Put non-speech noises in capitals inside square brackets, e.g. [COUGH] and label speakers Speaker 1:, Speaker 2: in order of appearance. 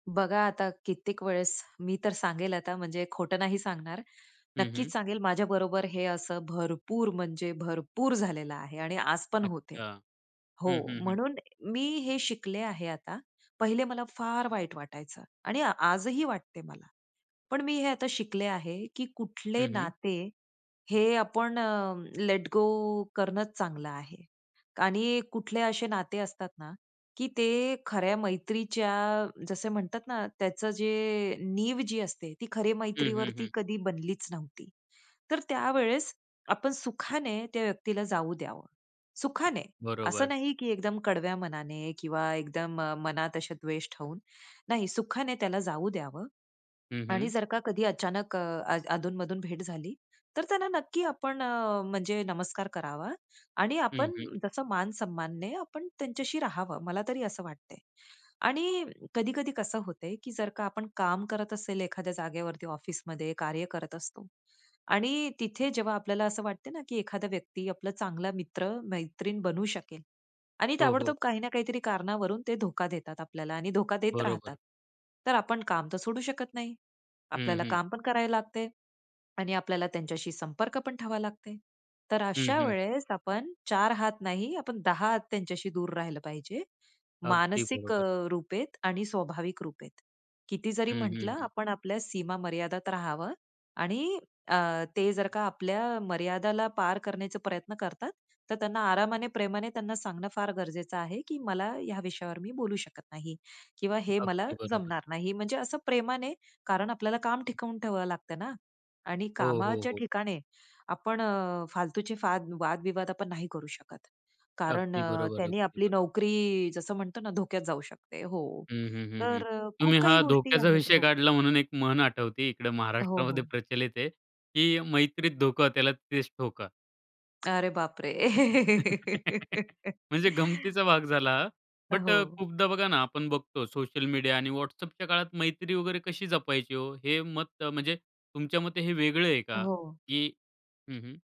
Speaker 1: बघा आता, कित्येक वेळेस मी तर सांगेल आता, म्हणजे खोटं नाही सांगणार,
Speaker 2: हं, हं.
Speaker 1: नक्कीच सांगेल, माझ्याबरोबर हे असं भरपूर म्हणजे भरपूर झालेलं आहे आणि आज पण होत आहे
Speaker 2: अच्छा. हं,
Speaker 1: हो.
Speaker 2: हं, हं.
Speaker 1: म्हणून मी हे शिकले आहे आता. पहिले मला फार वाईट वाटायचं आणि आजही वाटतं आहे मला, पण मी हे आता शिकले आहे की कुठले
Speaker 2: हं, हं.
Speaker 1: नाते हे आपण अ, लेट गो करणंच चांगलं आहे आणि कुठले असे नाते असतात ना की ते खऱ्या मैत्रीच्या, जसं म्हणतात ना, त्याच जे नीव जी असते ती खरी
Speaker 2: हं, हं,
Speaker 1: मैत्रीवरती
Speaker 2: हं.
Speaker 1: कधी बनलीच नव्हती. तर त्यावेळेस आपण सुखाने त्या व्यक्तीला जाऊ द्यावं. सुखाने, असं
Speaker 2: बरोबर.
Speaker 1: नाही की एकदम कडव्या मनाने किंवा एकदम मनात असे द्वेष ठेवून, नाही, सुखाने त्याला जाऊ द्यावं.
Speaker 2: हं,
Speaker 1: आणि
Speaker 2: हं.
Speaker 1: जर का कधी अचानक अ, अधूनमधून भेट झाली तर त्यांना नक्की आपण म्हणजे नमस्कार करावा आणि
Speaker 2: हं,
Speaker 1: आपण
Speaker 2: हं.
Speaker 1: जसं मानसन्मानाने आपणं त्यांच्याशी राहावं, मला तरी असं वाटतं आहे. आणि कधी-कधी कसं होतं आहे की जर का आपण काम करत असेल एखाद्या जागेवरती, ऑफिसमध्ये कार्य करत असतो आणि तिथे जेव्हा आपल्याला असं वाटतं ना की एखादा व्यक्ती आपला चांगला मित्र-मैत्रीण बनू शकेल आणि
Speaker 2: हो, हो.
Speaker 1: ताबडतोब काही ना काहीतरी कारणावरून ते धोका देतात आपल्याला आणि धोका देत राहतात,
Speaker 2: बरोबर.
Speaker 1: तर आपण काम तर सोडू शकत नाही.
Speaker 2: हं,
Speaker 1: आपल्याला
Speaker 2: हं.
Speaker 1: काम पण करावं लागतं आहे आणि आपल्याला त्यांच्याशी संपर्क पण ठेवावा लागत आहे. तर
Speaker 2: हं,
Speaker 1: अशा
Speaker 2: हं.
Speaker 1: वेळेस आपण चार हात नाही, आपण दहा हात त्यांच्याशी दूर राहिलं पाहिजे
Speaker 2: अगदी
Speaker 1: मानसिक
Speaker 2: बरोबर.
Speaker 1: रूपेत आणि स्वाभाविक रूपेत. किती जरी
Speaker 2: हं,
Speaker 1: म्हटलं
Speaker 2: हं, हं.
Speaker 1: आपण आपल्या सीमा मर्यादेत राहावं आणि अ, ते जर का आपल्या मर्यादेला पार करण्याचा प्रयत्न करतात, तर त्यांना आरामाने, प्रेमाने सांगणं फार गरजेचं आहे की मला ह्या विषयावर मी बोलू शकत नाही किंवा हे मला
Speaker 2: अगदी बरोबर.
Speaker 1: जमणार नाही. म्हणजे असं प्रेमाने, कारण आपल्याला काम टिकवून ठेवावं लागतं ना. आणि
Speaker 2: हो, हो,
Speaker 1: कामाच्या
Speaker 2: हो.
Speaker 1: ठिकाणी आपण फालतूचे वाद-विवाद नाही करू शकत, कारण
Speaker 2: अगदी
Speaker 1: अ,
Speaker 2: बरोबर आहे.
Speaker 1: त्याने
Speaker 2: अगदी
Speaker 1: आपली
Speaker 2: बरोबर.
Speaker 1: नोकरी, जसं म्हणतो ना, धोक्यात जाऊ शकते हो,
Speaker 2: हं, हं, हं, हं.
Speaker 1: तर
Speaker 2: तुम्ही
Speaker 1: खूप काही
Speaker 2: हा
Speaker 1: गोष्टी
Speaker 2: धोक्याचा
Speaker 1: आहेत
Speaker 2: विषय
Speaker 1: हो.
Speaker 2: काढला म्हणून एक म्हण आठवते इकडे
Speaker 1: हो,
Speaker 2: महाराष्ट्रामध्ये
Speaker 1: हो.
Speaker 2: प्रचलित आहे. की 'मैत्रीत धोका त्याला तिथेचं ठोका.'
Speaker 1: अरे बापरे!
Speaker 2: [LAUGHS]
Speaker 1: [LAUGHS]
Speaker 2: म्हणजे गमतीचा भाग झाला. बट अ,
Speaker 1: हो.
Speaker 2: खूपदा बघा ना आपण बघतो सोशल मीडिया आणि WhatsAppच्या काळात मैत्री वगैरे कशी जपायची हो? हे मत म्हणजे तुमच्या मते हे वेगळं आहे का?
Speaker 1: हो.
Speaker 2: की हं, हं.